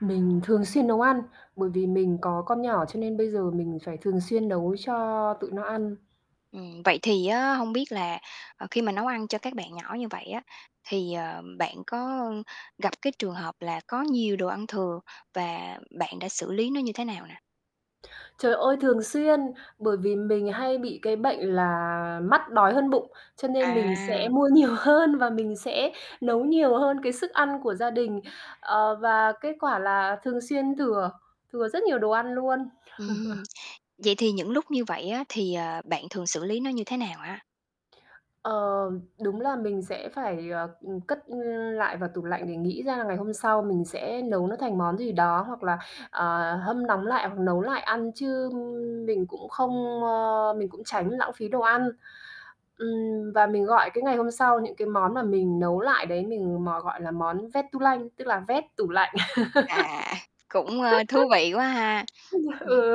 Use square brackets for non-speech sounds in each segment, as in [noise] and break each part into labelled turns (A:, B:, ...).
A: Mình thường xuyên nấu ăn, bởi vì mình có con nhỏ cho nên bây giờ mình phải thường xuyên nấu cho tụi nó ăn.
B: Ừm, vậy thì á hông biết là, ờ, khi mà nấu ăn cho các bạn nhỏ như vậy á, thì, ờ, bạn có gặp cái trường hợp là có nhiều đồ ăn thừa và bạn đã xử lý nó như thế nào nè?
A: Trời ơi, thường xuyên! Bởi vì mình hay bị cái bệnh là mắt đói hơn bụng, cho nên mình sẽ
B: À.
A: mua nhiều hơn và mình sẽ nấu nhiều hơn cái sức ăn của gia đình, ờ, và kết quả là thường xuyên thừa, thừa rất nhiều đồ ăn luôn.
B: Ừm,
A: [chuckles]
B: vậy thì những lúc như vậy á, thì, ờ, bạn thường xử lý nó như thế nào á?
A: Ờ, đúng là mình sẽ phải, ờ, ừm, cất lại vào tủ lạnh để nghĩ ra là ngày hôm sau mình sẽ nấu nó thành món gì đó hoặc là, ờ, hâm nóng lại hoặc nấu lại ăn chứ mình cũng không, ơ mình cũng tránh lãng phí đồ ăn, ừm, và mình gọi cái ngày hôm sau những cái món mà mình nấu lại đấy mình mò gọi là món "vét-tu-lanh", tức là vét tủ lạnh.
B: À, cũng, ơ, thú vị quá
A: [laughs]
B: ha. Ừm,
A: Ừ.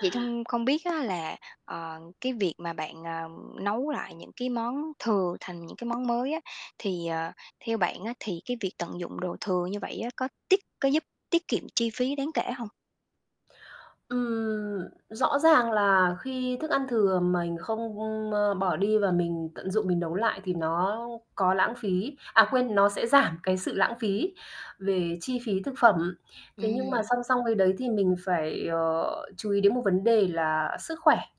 B: vậy thông không biết á, là, ờ, cái việc mà bạn, ờ, nấu lại những cái món thừa thành những cái món mới á, thì, ờ, theo bạn á, thì cái việc tận dụng đồ thừa như vậy á có tiết có giúp tiết kiệm chi phí đáng kể hông?
A: Ừm, rõ ràng là khi thức ăn thừa mình không, ơ, bỏ đi và mình tận dụng mình nấu lại thì nó có lãng phí à, quên, nó sẽ giảm cái sự lãng phí về chi phí thực phẩm, thế nhưng mà
B: Ừm.
A: song song với đấy thì mình phải, ờ, chú ý đến một vấn đề là sức khỏe.